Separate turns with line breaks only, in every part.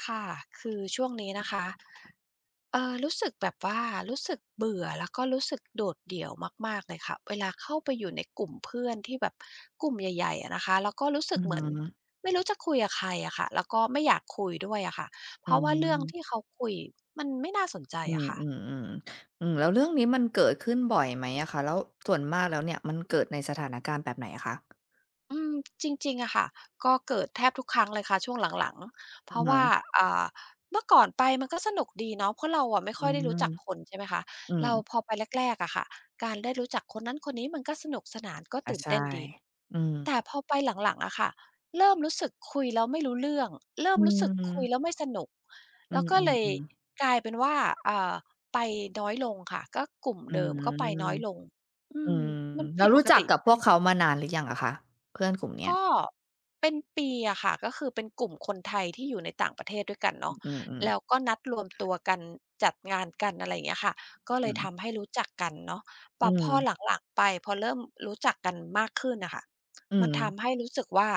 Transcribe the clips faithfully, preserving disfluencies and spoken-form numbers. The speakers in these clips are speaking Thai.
ค่ะ คือช่วงนี้นะคะ เอ่อ รู้สึกแบบว่ารู้สึกเบื่อแล้ว ก็รู้สึกโดดเดี่ยวมาก ๆ เลยค่ะ เวลาเข้าไปอยู่ในกลุ่มเพื่อนที่แบบ กลุ่มใหญ่ ๆ อะนะคะ แล้วก็รู้ส
อ
ึ
ื
ก
อ
เห
ฮ
มือน
ึ
ไม่รู้จะคุยกับใครอะค่ะ แล้วก็ไม่อยากคุยด้วยอะค่ะ เ
อ
พ
ื
ราะว่าเรื่อง
ม
ที่เขาคุย มันไม่น่าสนใจ
อื
อะค่ะ
ม ๆ ๆ ๆ แล้วเรื่องนี้มันเกิดขึ้นบ่อยไหมอะคะ แล้ว ส่วนมากแล้วเนี่ย มันเกิดในสถานการณ์แบบไหนอะคะ?
อืม จริง ๆ อะค่ะ ก็เกิดแทบทุกครั้งเลยค่ะ ช่วงหลัง ๆ เพ
อื
ร
อ
าะ
ฮ
ว่า
ึ
อ่า เมื่อก่อนไปมันก็สนุกดีเนาะ เพราะเราอะไม่
อื
ค่อยได้รู
ม
้จักคน ใช่ไหมคะ
อื
เรา
อ
พอไปแรก ๆ อะค่ะ การได้รู้จักคนนั้นคนนี้มันก็สนุกสนาน ก็
อ
ต
า
ื่น
ใช
เต
่
้นดี
อืม
แต่พอไปหลัง ๆ อะค่ะ เริ่มรู้สึกคุยแล้วไม่รู้ เรื่อง เริ่
อื
มรู้สึกคุ
ม
ยแล้วไม่สนุก
อื
ก็เลย
อ ๆ ๆ
กลายเป็นว่า อ่า ไปน้อยลงค่ะ ก็กลุ่ม
อื
เดิม
ม
ก็ไปน้อยลง อื
อื
ม
ม
มัน
แ
ผ
ล้ว
ิด
ร
ป
ู้
ก
จั
ต
ก
ิ
กับพวกเขามานานหรือยังอะคะ เพื่อนกลุ่มเนี้
ก
ย?
็ เป็นปีอะค่ะ ก็คือเป็นกลุ่มคนไทยที่อยู่ในต่างประเทศด้วยกันเนาะ
อือ
แล
ๆ ๆ
้วก็นัดรวมตัวกันจัดงานกัน อะไรอย่างเงี้ยค่ะ ก็เลยทำให้รู้จักกันเนาะ แ
อ
ต
ื
่พอ
ม
หลัง ๆ ไป พอเริ่มรู้จักกันมากขึ้นอะค่ะ
อื
มันท
ม
ำให้รู้สึกว่า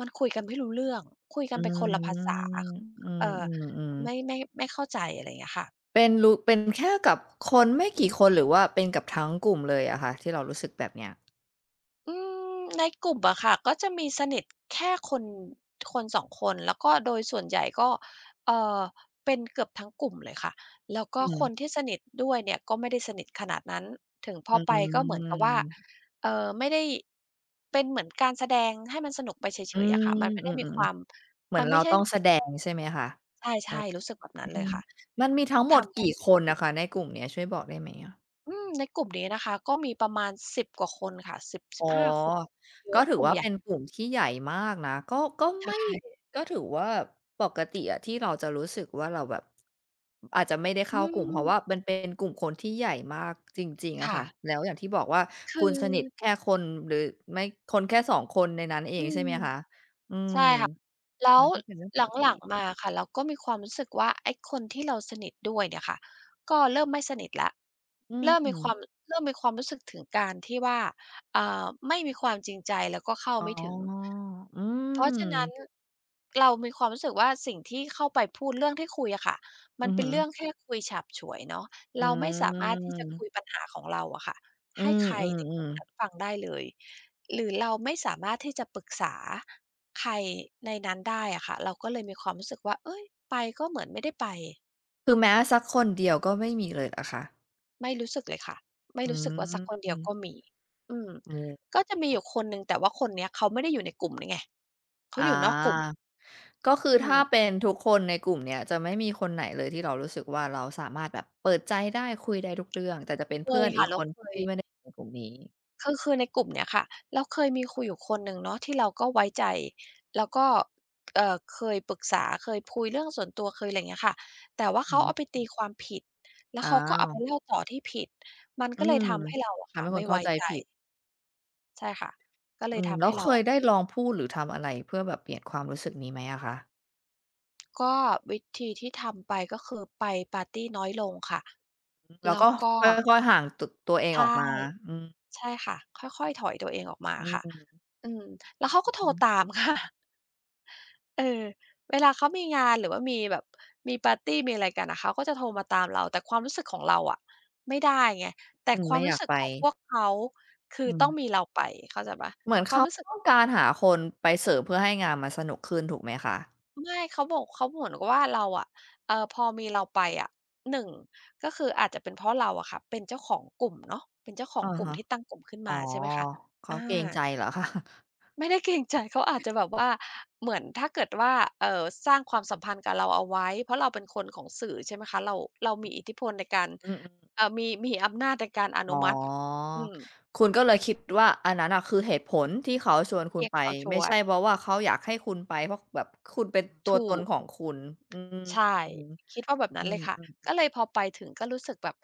มันคุยกันไม่รู้เรื่อง คุยก
อ
ั
ื
นไปคนละภาษา
ม อื
เอ่อ
อ
ไม
ๆ ๆ
่ ไม่ ไม่เข้าใจ อะไรอย่างเงี้ยค่ะ
เป็นรู เป็นแค่กับคนไม่กี่คนหรือว่าเป็นกับทั้งกลุ่มเลยอะคะ ที่เรารู้สึกแบบเนี้ย?
อืม ในกลุ่มอะค่ะ ก็จะมีสนิท แค่คน คน สอง คน แล้วก็โดยส่วนใหญ่ก็ เอ่อ เป็นเกือบทั้งกลุ่มเลยค่ะ แล้วก
อ
็
ื
ค
ม
นที่สนิทด้วยเนี่ย ก็ไม่ได้สนิทขนาดนั้น ถึงพ
อื
อไปก็เหมือนกับว่า
ม
เอ่อ ไม่ได้ เป็นเหมือนการแสดงให้มันสนุกไปเฉ
อื
ย ๆ อะ
ม
ค่ะ มันไม่
อ
ได
ื
้มี
ม
ความ
ๆ ๆ เหมื
ม
อ
ั
น
น
เ
ไ
ร
ม
า
่ใช่
ต้องแสดง ใช่ไหมคะ?
ใ
แ
ช
ป๊
่
บ
ๆ รู้สึกแบบ
อ
น
ื
ั้นเลย
ม
ค่ะ
มันมีทั้งห
ท
มด
ำไ
ก
ง
ี่
ด
ค
ี?
นอะคะในกลุ่มนี้ ช่วยบอกได้ไหม?
อืม ในกลุ่มนี้นะคะ ก็มีประมาณ สิบ กว่าคนค่ะ สิบ ส
อ
ิ
๋
บ
อ
ห้า คน เย
ก็
อะ
ถือ
กลุ่
ว
ม
่า
ใหญ
เ
่
ป็นกลุ่มที่ใหญ่มากนะ ก็ ก็
ใช
ไม่
่
ก็ถือว่า ปกติอะที่เราจะรู้สึกว่าเราแบบ อาจจะไม่ได้เ
อ
ข
ื
้ากลุ่ม เพราะว
ม
่ามันเป็น กลุ่มคนที่ใหญ่มากจริง ๆ อ
ค
ะ
่
ค่ะ
ะ
แล้วอย่างที่บอกว่า คุณสนิท
คือ
แค่คน หรือไม่ คนแค่ สอง คน ในนั้นเอ
อื
งใช่
ม
ไหมคะ? อื
ใ
ม
ช่ค่ะ แล้
มั
ว
นก็เป็นเรื่องป
ห
กต
ลัง
ิ
ๆ มา ค่ะ เราก็มีความรู้สึกว่า ไอ้คนที่เราสนิทด้วยเนี่ยค่ะ ก็เริ่มไม่สนิทแล้ว
อื
เ
อ
ริ่ม
ฮ
มีคว
ึ
าม เริ่มมีความรู้สึกถึงการที่ว่า อ่า ไม่มีความจริงใจแล้วก็เข้า
อ๋อ
ไม่ถึง
อื
เพราะฉะนั้น
ม
เรามีความรู้สึกว่า สิ่งที่เข้าไปพูดเรื่องที่คุยอะค่ะ ม
อ
ัน
ือ
เป
ฮ
็นเรื
ึ
่องแค่คุยฉาบฉวยเนาะ
อ
เราไม่สามารถที่จะค
ืม
ุยปัญหาของเราอะค่ะ
อื
ให้
ม
ใคร
อื
ในกลุ
ม
่มน
ๆ
ั้นฟังได้เลย หรือเราไม่สามารถที่จะปรึกษาใครในนั้นได้อะค่ะ เราก็เลยมีความรู้สึกว่า เฮ้ย! ไปก็เหมือนไม่ได้ไป
คือแม้สักคนเดียวก็ไม่มีเลยเหรอคะ?
ไม่รู้สึกเลยค่ะ ไม่
อื
รู้สึกว่าสักคนเดียวก
ม
็มี อืม
โอ้
ก็จะมี
ว
อยู
ะ
่คนหนึ่ง แต่ว่าคนนี้เขาไม่ได้อยู่ในกลุ่มนี่ไง เขา
อา
อยู่นอกกลุ่ม
ก็คือ
อื
ถ้า
ม
เป็นทุกคนในกลุ่มเนี่ยจะไม่มีคนไหนเลยที่เรารู้สึกว่า เราสามารถแบบเปิดใจได้คุยได้ทุกเรื่อง แต่จะเป็น
เค
เพื่
ย
อน
ค
อี
่ะ
ก
เร
ค
า
น
เค
ท
ย
ี่ไม่ได้ในกลุ่มนี้
คือ คือในกลุ่มเนี้ยค่ะ เราเคยมีคุยอยู่คนหนึ่งเนาะ ที่เราก็ไว้ใจแล้วก็ เอ่อ เคยปรึกษา เคยคุยเรื่องส่วนตัวเคย อะไรอย่างเงี้ยค่ะ แต่ว่าเขาเอ
หือ
าไปตีความผิดแล้ว
อ้า
เขาก็เอาไป
ว
เล่าต่อที่ผิด มัน
อ
ก
ื
็เล
ม
ยทำให้เราอะ
ท
ค
ำ
่
ใ
ะ
ห้
ไ
ค
ม่
นเข้
ไว
า
้
ใจ
ใจ
ผิด
ใช่ค่ะ ก็เล
อื
ย
ม
ท
แล
ำ
้
ให
ว
้เ
เ
ร
ค
า
ย
อะ
ได้
ไม่
ลองพูด หรือทำอะไรเพื่อแบบเปลี่ยนความรู้สึกนี้ไหมอะคะ?
ก็วิธีที่ทำไป ก็คือไปปาร์ตีน้อยลงค่ะ
อืม แล้
แ
ว
ล้
ก็
วก็
ค่อย ๆ ห่าง ต ตัวเอง
ใช
อ
่
อกมา อืม
ใช่ค่ะ ค่อย ๆ ถอยตัวเองออกมา
อื
ค
ม
่ะ
อ
อืม แล้วเขาก
ื
็
อ
โท
ฮ
รต
ึ
าม ค่ะ เออ เวลาเขามีงาน หรือว่ามีแบบมีปาร์ตีมีอะไรกันอะ เขาก็จะโทรมาตามเราแต่ความรู้สึกของเราอะไม่ได้ไง แต
อ
่
ืม
ค
ไ
ว
ม
า
่
มร
อ
ู
ย
้
าก
สึก
ไป
ของพวกเขา คื
อ
อ
ื
ต้อ
ม
งมีเราไปเข้าใจเปล่า
เหมือน
ค
เข
วาม
า
รู้สึก
ต้องการหาคนไปเสิร์ฟเพื่อให้งานมันสนุกขึ้นถูกไหมคะ?
ไม่ เขาบอก เขาเหมือนกับว่าเราอะ เอ่อ พอมีเราไปอะ หนึ่ง ก็คืออาจจะเป็นเพราะเราอะค่ะ เป็นเจ้าของกลุ่มเนาะ เป็นเจ้าขอ
อ
ง
ะ
กลุ่
ฮ
ม
ะ
ที่ตั้งกลุ่มขึ้น
อ
ม
๋อ
า ใช่ไหมคะ
เข
อ
าเกรง
า
ใจเหรอ คะ?
ไม่ได้เกรงใจ เขาอาจจะแบบ ว่า เหมือนถ้าเกิดว่า เอ่อ สร้างความสัมพันธ์กับเราเอาไว้ เพราะเราเป็นคนของสื่อ ใช่ไหมคะ เรา เรามีอิทธิพลในการ
อืม อืม ๆ
เอ่อ มี มีอำนาจในการอ
อ
น
๋อ
ุมัติ อืม
คุณก็เลยคิดว่าอันนั้นน่ะ คือเหตุผลที่เขาชวน
เ
ค
ท
ุณ
ียด
ไป
เขาฉ
ไม่
ว
ใช่
ด
เพราะว่าเขาอยากให้คุณไป เพราะแบบคุณเป็นตั
ถ
ว
ู
ตน
ก
ของคุณ อืม
ใช่
อือฮึ
คิดว่าแบบนั
อ
้
ื
นเล
ม
ยค่ะ ก็
ๆ ๆ
เลยพอไปถึงก็รู้สึกแบบ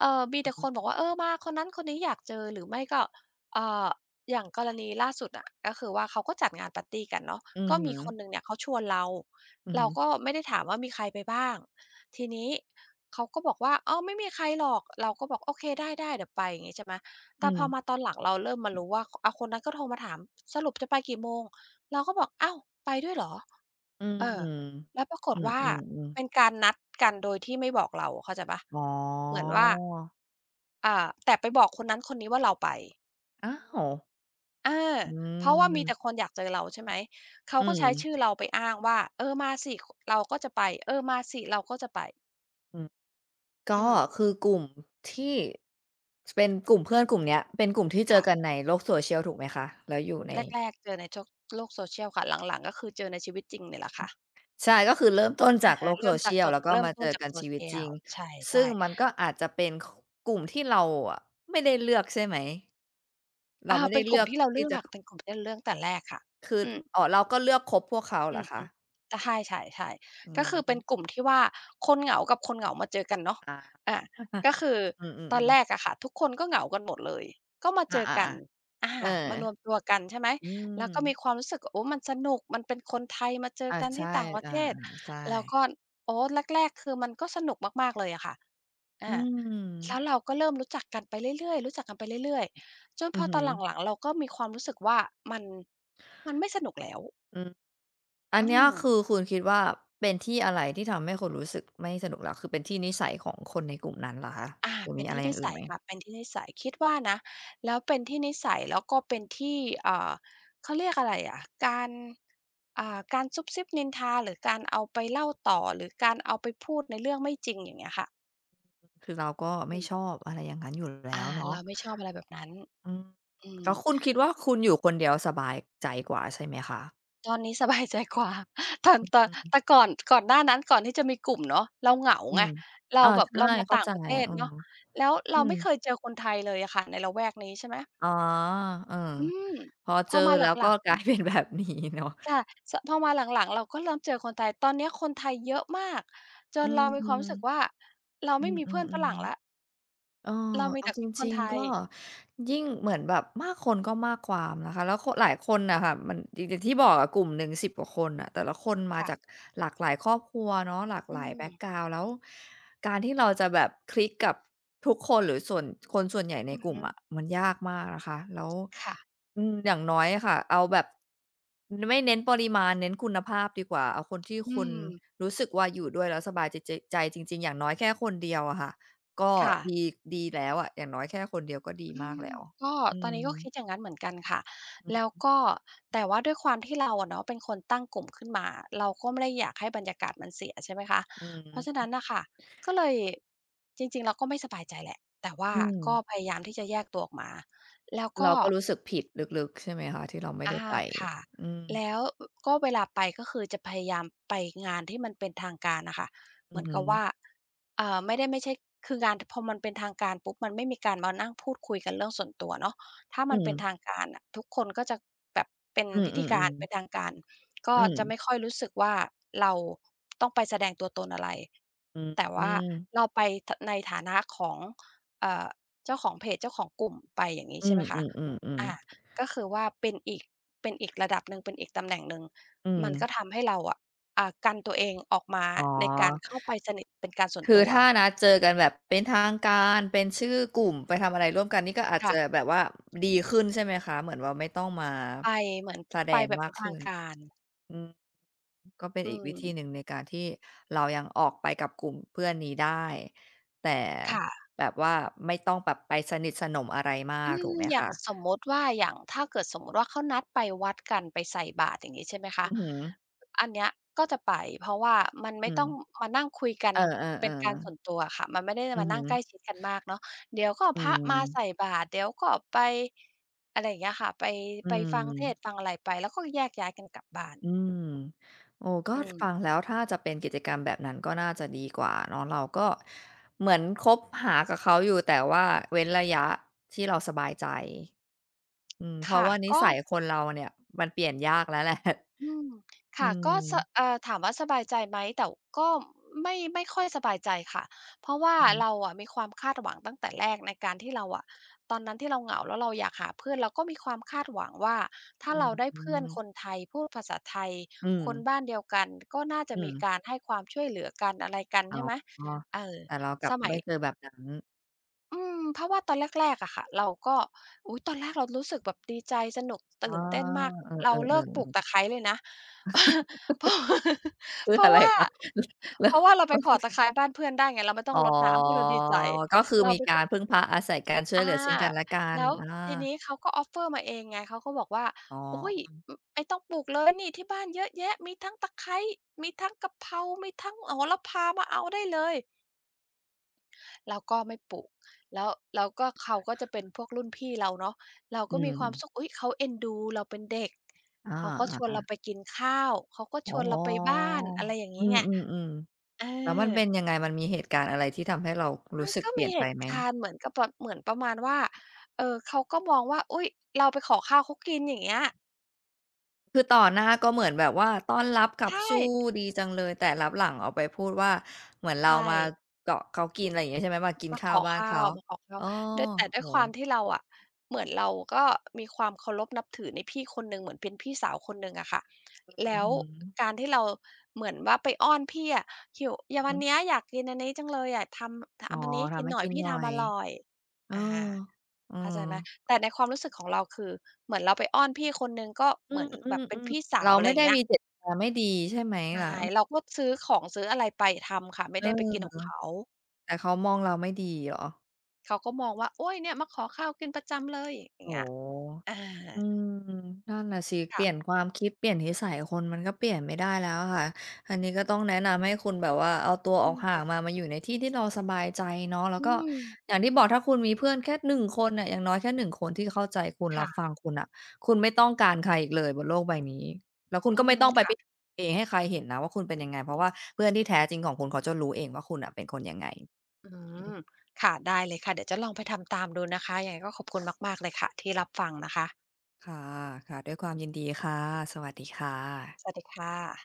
เอ่อ มี
อ
แต
ือ
่
ฮ
คนบ
ึ
อกว่า เออ มาคนนั้นคนนี้อยากเจอ หรือไม่ก็ เอ่อ อย่างกรณีล่าสุดอะ ก็คือว่าเขาก็จัดงานปาร์ตีกันเนาะ
อื
ก
อ
็
ฮ
ม
ึ
ีคนหนึ่งเนี่ยเขาชวนเรา
อือ
เร
ฮ
า
ึ
ก็ไม่ได้ถามว่ามีใครไปบ้าง ทีนี้เขาก็บอกว่า "อ้าว ไม่มีใครหรอก" เราก็บอก "โอเค ได้ ๆ เดี๋ยวไป" งี้ใช่ไหม
อ
แ
ื
ต่พอมา
ม
ตอนหลังเราเริ่มมารู้ว่า อา คนนั้นก็โทรมาถาม สรุปจะไปกี่โมง เราก็บอก "อ้าว ไปด้วยเหรอ"
อื้อ
เอ
ฮ
อ
ือ
แล้วปราก
อ
ฏ
ื
ว่า
ม
เ
ๆ
ป
ๆ
็นการนัดกันโดยที่ไม่บอกเรา เข้าใจเปล่า
อํ
เหมือนว่า
อ
อา แต่ไปบอกคนนั้นคนนี้ว่า เราไป
อ้าว
เออ
อื
เพราะว่ามีแต่
ม
คนอยากเจอ เรา ใช่ไหม เข
อ
า
ื
ก็ใช้ช
ม
ื่อเราไปอ้างว่า "เออ มาสิ ค เราก็จะไป เออ มาสิเราก็จะไป"
อือ ก็
อืม
คือกลุ่มที่ จ เป็นกลุ่มเพื่อนกลุ่มเนี้ย เป็นกลุ่มที่เจ
ค่
อก
ะ
ันในโลก social ถูกไหมคะ? แล้วอยู่ใน
แรก ๆ เจอในโจ๊ก โลก social ค่ะ หลัง ๆ ก็คือเจอในชีวิตจริงเนี่ยแหละค่ะ
ใช่ ก็คือเริ่มต้นจ
อ
า
ะ
ก
ฮ
โล
ะ
ก
เริ่มจาก
social
จบ
แล้วก็
เริ่
ม
ม
า
ต
เจ
้
อ
นจา
ก
ก
ันชีวิตจริ
social
ง
ใช
ซึ่ง
่ ๆ
มันก็อาจจะเป็น ค กลุ่มที่เราอะไม่ได้เลือก ใช่ไหม? เรา
อา
ไม่ไ
เ
ด
ป
้
็น
เล
กล
ื
ุ่
อ
ม
ก
ที่เราเ
ท
ล
ี
ื
่
อก
จะ
อะ
ค
เป็นกลุ่มที่เราเลือกตั้งแต่แรกค่ะ
คือ
อือ
อ๋อ เราก็เลือกคบพวกเขาเห
อ
ร
ื
อ
อ
ค
ฮ
ะ?
ึ ใช่
อื
ๆ ก็ค
อ
ือ
ฮ
เป็น
ึ
กลุ่มที่ว่า คนเหงากับคนเหงามาเจอกันเนาะ
ค่ะ
อา ก็คือ
อื
ตอน
อ
แ
ๆ
ร
ๆ
กอะค่ะ ทุกคนก็เหงากันหมดเลย ก็มา
อ
เ
า
จอกัน
ๆ
อา
ๆ เออ
มารวมตัวกัน ใช่ไหม
อื
แล้วก็ม
ม
ีความรู้สึกว่า โอ้ มันสนุก มันเป็นคนไทยมาเจ
อ
อ
า
กัน
ใช
ที
่
่ต่างประ
อา
เทศ
ๆ ใช
แล้ว
่
ก็ โอ้ แรก ๆ คือมันก็สนุกมาก ๆ เลยอะค่ะ อ
อื
า แล้
ม
วเราก็เริ่มรู้จักกันไปเรื่อย ๆ รู้จักกันไปเรื่อย ๆ จน
อื
พ
อ
อ
ฮ
ต
ึ
อนหลัง ๆ เราก็มีความรู้สึก ว่ามัน มันไม่สนุกแล้ว
อือ อั
อ
น
ื
เนี้ย
ม
คือคุณคิดว่า เป็นที่อะไร? ที่ทำให้คุณรู้สึก ไม่สนุกแล้ว คือเป็นที่นิสัยของคนในกลุ่มนั้นเหรอคะ
อา
หรือ
เป็
มี
น
อ
ท
ะไ
ี
ร
่
อย
น
่
ิ
างอื
ส
่น
ั
ไ
ย
หม?
ค่ะ เป็น ที่นิสัย คิดว่านะ แล้วเป็นที่นิสัยแล้วก็เป็นที่ อ่า เขาเรียกอะไรอะ การ อ่า การซุบซิบนินทา หรือการเอาไปเล่าต่อ หรือการเอาไปพูดในเรื่องไม่จริง อย่างเงี้ยค่ะ
คือเราก็ไม่ชอบ อะไรอย่างนั้นอยู่แล
อ
้
า
วเนา
เร
ะ
าไม่ชอบอะไรแบบนั้น
อืม
อื
แล้ว
ม
คุณคิดว่า คุณอยู่คนเดียวสบายใจกว่าใช่ไหมคะ?
ตอนนี้สบายใจกว่าตอน
อึ
ตอ
อ
น
ือ
แต่ก่อน ก่อนหน้านั้น ก่อนที่จะมีกลุ่มเนาะ เราเหงา
อื
ไง
ม
เร
เอ
า
อ
แบ
ใ
บ
ช่
เรามา
เข้า
ต่า
ใ
ง
จ
ประเทศ
เออ
เนาะ แล้วเร
อื
าไ
ม
ม่เคยเจอคนไทยเลยอะค่ะในละแวกนี้ ใช่ไหม
อ๋อ เออ
อืม
พอ
พ
เจ
อ
อ
มา
แ
ห
ล้ว
ล
ก็
ัง
กลาย
ๆ
เป็น แบบนี้เนาะ
ค่ะ ช พอมาหลัง ๆ เราก็เริ่มเจอคนไทย ตอนเนี้ยคนไทยเยอะมาก จ
อื
นเ
ม
รามี
อื
ค
อ
วามรู้สึกว่า เราไม่มีเพื่อนฝรั่ง
ๆ
แล้ว
ๆ เอ่อ
เรามี
เอ
แ
า
ต่
จ
ค
ร
น
ิง
ไท
ๆ ก
ย
็ยิ่งเหมือนแบบมากคนก็มากความนะคะ แล้วโคะ หลายคนน่ะค่ะ มันอย่าง อย่างที่บอกอะ กลุ่มหนึ่ง สิบ กว่าคนน่ะ แต่ละคนมา
ค่
จ
ะ
ากหลากหลายครอบครัวเนาะ หลาก
อ
ห
ื
ลายแบ็
ม
กกราวนด์ แล้วการที่เราจะแบบคลิกกับทุกคนหรือส่วน คนส่วนใหญ่ใน
อือ
กล
ฮ
ุ่มอ
ึ
ะ มันยากมากนะคะ แล้ว
ค่ะ
อืม อย่างน้อยอะค่ะ เอาแบบไม่เน้นปริมาณ เน้นคุณภาพดีกว่า เอาคนที่
อื
คุณ
ม
รู้สึกว่า อยู่ด้วยแล้วสบายใจ ใจจริง ๆ อย่างน้อยแค่คนเดียวอะค่ะ ก็
ค่
ด
ะ
ี ดีแล้วอะ อย่างน้อยแค่คนเดียวก็ดี
อื
มาก
ม
แล้ว
ก็
อื
ตอนนี้ก็ค
ม
ิดอย่างงั้นเหมือน กันค่ะ
อือ
แล
ฮ
้ว
ึ
ก็ แต่ว่าด้วยความที่เราอะเนาะเป็นคนตั้งกลุ่มขึ้นมา เราก็ไม่ได้อยากให้บรรยา กาศมันเสีย ใช่ไหมคะ
อื
เพราะฉะนั้
ม
นน่ะค่ะ ก็เลย จริง ๆ เราก็ไม่สบายใจแหละ แต่ว่า
อื
ก
ม
็พยายามที่จะแยกตัวออกมา แล้วก
เรา
็
ก็รู้สึกผิดลึก ๆ ใช่ไหมคะ ที่เราไม่
อ
ได้
า
ไป?
ค่ะ
อืม
แล้ว อ ก็เวลาไป ก็คือจะพยายามไปงานที่มันเป็นทางการน่ะค่ะ เ
อ
ห
ื
มื
อ
อน
ฮึ
กับว่า เอ่อ ไม่ได้ไม่ใช่ คืองานพอมันเป็นทางการปุ๊บ มันไม่มีการมานั่งพูดคุยกันเรื่องส่วนตัว เนาะ ถ้า
อื
มันเป็น
ม
ทางการน่ะ ทุกคนก็จะแบบเป็น
อื
พิธีกา
อ
ร
ๆ
เป็
ๆ
นทางการ ก็
อื
จะไ
ม
ม่ค่อยรู้สึกว่า เราต้องไปแสดงตัวตนอะไร
อื
แต่ว่า
ม
เราไปฐะ ใน ฐานะของ เอ่อ เจ้าของเพจ เจ้าของกลุ่มไป อย่างนี้
อื
ใช่ไหมคะ
อ
อ่
ๆ
า
ๆ ๆ
ก็คือว่าเป็นอีก เป็นอีกระดับ หนี๋ง เป็นอีกตำแหน่ง หนึ่ง
อื
มันก็
ม
ทำให้ เราอะ อ่า กันตัวเองออกมา
อ๋อ
ในการเข้าไปสนิทเป็นการส่ว
ค
น
ือ
ตัว
ถ้านัดเจอกันแบบเป็นทางการ เป็นชื่อกลุ่มไปทำอะไรร่วมกัน นี่ก็อาจ
ค่
จ
ะ
ะแบบว่าดีขึ้นใช่ไหมคะ? เหมือนว่าไม่ต้องมา
ไปเหมือน
แส
ไ
ด
ป
ง
แบบ
ม
เป
า
็
ก
นท
ขึ
าง
้น
การ
อืม ก็เป็น
อื
อีกวิธี
ม
หนึ่งในการที่เรายังออกไปกับกลุ่มเพื่อนนี้ได้ แต่
ค่ะ
แบบว่าไม่ต้องแบบไปสนิทสนมอะไรมา
อื
กถ
ม
ูกไหม
อย่
ค
าง
ะ?
สมมุติว่า อย่างถ้าเกิดสมมติว่า เขานัดไปวัดกันไปใส่บาตร อย่างงี้ใช่ไหมค
อ
ะ
ือฮึ
อันเนี้ยก็จะไป เพราะว่ามันไม่
อื
ต้
ม
องมานั่งคุยกัน
เออ
เป็นการส่
ๆ ๆ
วนตัวอะค่ะ มันไม่ได้
อื
ม
อ
า
ฮ
นั่งใ
ึ
กล้ชิดกันมากเนาะ เดี๋ยวก็
อื
พระมาใ
ม
ส่บาตร เดี๋ยวก็ไป อะไรอย่างเงี้ยค่ะ ไป
อื
ไปฟังเทศ
ม
น์ฟังอะไรไป แล้วก็แยกย้ายกันกลับบ้าน
อืม โอ้ ก็
อืม
ฟังแล้ว ถ้าจะเป็นกิจกรรมแบบนั้น ก็น่าจะดีกว่าเนาะ เราก็เหมือนคบหากับเขาอยู่ แต่ว่าเว้นระยะที่เราสบายใจ อืม เพ
ค
ราะ
่ะ
ว่านิ
ก็
สัยคนเราเนี่ย มันเปลี่ยนยากแล้ว แหละ
อืม ค
อื
่ะ ก็ ส
ม
เอ่อ ถามว่าสบายใจไหม แต่ก็ไม่ ไม่ค่อยสบายใจค่ะ เพราะว่า
อือฮึ
เราอะ มีความคาดหวังตั้งแต่แรกในการที่เราอะ ตอนนั้นที่เราเหงา แล้วเราอยากหาเพื่อน เราก็มี ความคาดหวังว่า ถ้
อ
า
ื้
เร
อ
าได้
ฮื
เพื่อน
อ
คนไทยพูดภาษาไทย
อื
คน
ม
บ้านเดียวกัน ก็น่าจ
อ
ะ
ื
มี
ม
การให้ความช่วยเหลือกันอะไรกัน
อ๋
ใ
อ
ช่ไหม เออ
แต่เรากลั
ส
บ
ม
ไม
ั
่
ย
เจอแบบนั้น
อืม เพราะว่าตอนแรก ๆ อะค่ะ เราก็ อุ๊ย! ตอนแรกเรารู้สึกแบบดีใจสนุกต
อ๋
ื
อ
่นเต้นมาก
เออ
เร
ๆ
าเล
เ
ิ
ออ
กปลูก
ๆ
ตะไคร้เลยนะ เออ เ
คือ
พรา
อ
ะ
ไร
ว่า
คะ? แล
เ
้
พ
ว
ราะว่า เราไปขอตะไคร้บ้านเพื่อนได้ไง เราไม่ต้
อ
อ
๋อ
งรดน้ำ อุ๊ย เราดีใจ
ก็คือ
เรา
มี
ไป
กา
ก
รพึ่งพาอาศัยกันช่ว
อ
ย
า
เหลือซึ่งกันและกั
แ
น
ล้ว
อ
ที
า
นี้เขาก็ offer มาเองไง เขาก็บอกว่า
อ๋อ
อุ๊ย! อ ไอ ต้องปลูกเลยนี่ที่บ้านเยอะแยะ มีทั้งตะไคร้ มีทั้งกะเพรา มีทั้งโหระพามาเอาได้เลย เราก็ไม่ปลูก แล้ว แล้วก็เขาก็จะ เป็นพวกรุ่นพี่เราเนาะ เรา
อื
ก็มีความ
ม
สุข อุ๊ย! เขาเอ็นดู เราเป็นเด็ก
อ
เขาก็ชวน
า
เร
ๆ
า
ๆ
ไปกินข้าว เขาก็
อ๋
ช
อ
วนเราไปบ้าน อะไรอย่างง
อ
ี
ื
้ไง
อ ๆ
เอ
ๆ แล้วมันเป็
อ
นยังไงมันมีเหตุการณ์อะไร ที่ทำให้เราร
ม
ู
ั
้
น
สึก
ก็
เปล
ม
ี่
ี
ยน
เ
ไ
ห
ป
ตุ
ไหม?
การณ์เหมือนกับแบบ เหมือนประมาณว่า เออ เขาก็มองว่า อุ๊ย เราไปขอข้าวเขากินอย่างเงี้ย
คือต่อหน้าก็เหมือนแบบว่าต้อนรับขั
ใช
บ
่
สู้ดีจังเลย แต่ลับหลังเอาไปพูดว่า เหมือนเร
ใช
ามา
่
เกาะเขา กิน อะไรอย่างนี้ใช่ไหม? มากิน
มา
ข้
ข
าว
อ
บ้า
ข
น
้
เข
า
า
ว มาขอข้า
โอ
ว
้
ด้วย แต่ด
โ
้วยความ
ฮ
ที่ เราอะ เหมือนเราก็มีความเคารพนับถือในพี่คนหนึ่ง เหมือนเป็นพี่สาวคนหนึ่งอะค่ะ แ
อ
ล
ื
้
อ
ว
ฮึ
การที่เราเหมือนว่าไปอ้อนพี่อะ หิว อย่าง
อ
ว
ื
ัน
อ
เนี้ย อยากกินอันนี้จังเลย อยากทำ ท
อ๋อ
ำอันนี้ให้
ท
กิ
ำ
น
ให้
หน่อ
ก
ย
ิน
พี่
หน่
ท
อ
ำ
ย
อร่อย
เออ
อ่า
เออ
เข้าใจไหม แต่ในความ รู้สึกของเรา คือเหมือนเราไปอ้อนพี่คนหนึ่ง ก็
อื
เหมือนแบบเป็น
ม
พี่
ๆ
ส
ๆ
า
เรา
ว อะไ
ไ
ร
ม่
อย่
ได้
างเงี้
ม
ย
ีเจตนาไม่ดีใช่ไหม
ใช่
คะ?
เราก็ซื้อของซื้ออะไรไปทำค่ะ ไม่
เอ
ไ
อ
ด้ไปกินของเขา
แต่เขามองเราไม่ดีเหรอ?
เขาก็มองว่า โอ๊ย! เนี่ยมาขอข้าวกินประจำเลยอย่
โ
า
อ
ง
้
เงี้
โฮ
ย อา
อืม นั่นน่ะสิ
ค
เป
่
ลี่
ะ
ยน ความคิดเปลี่ยนนิสัยคนมันก็เปลี่ยนไม่ได้แล้วอะค่ะ อันนี้ก็ต้องแนะนำให้คุณแบบว่า เอาตัว
อ
อ
ื
อก
อ
ห่า
อ
ง
ึ
มา มาอยู่ในที่ที่เราสบายใจเนาะ แล้
อ
ว
ื
ก็
ม
อย่างที่บอก ถ้าคุณมีเพื่อนแค่หนึ่งคนน่ะ อย่างน้อยแค่หนึ่งคนที่เข้าใจคุณ
ค
รั
่
บฟ
ะ
ังคุณน่ะ คุณไม่ต้องการใครอีกเลยบนโลกใบนี้ แล้วคุณ
อื
ก็ไม่
ม
ต้องไป
ค่
พ
ะ
เอ ให้ใครเห็นนะว่า คุณเป็นยังไง เพราะว่าเพื่อนที่แท้จริงของคุณ เขาจะรู้เองว่า คุณน่ะเป็นคนยังไง
อืม ค่ะ ได้เลยค่ะ เดี๋ยวจะลองไปทำตามดูนะคะ ยังไงก็ ขอบคุณมาก ๆ เลยค่ะ ที่รับฟังนะคะ
ค่ะ ค่ะ ด้วยความยินดีค่ะ สวัสดีค่ะ
สวัสดีค่ะ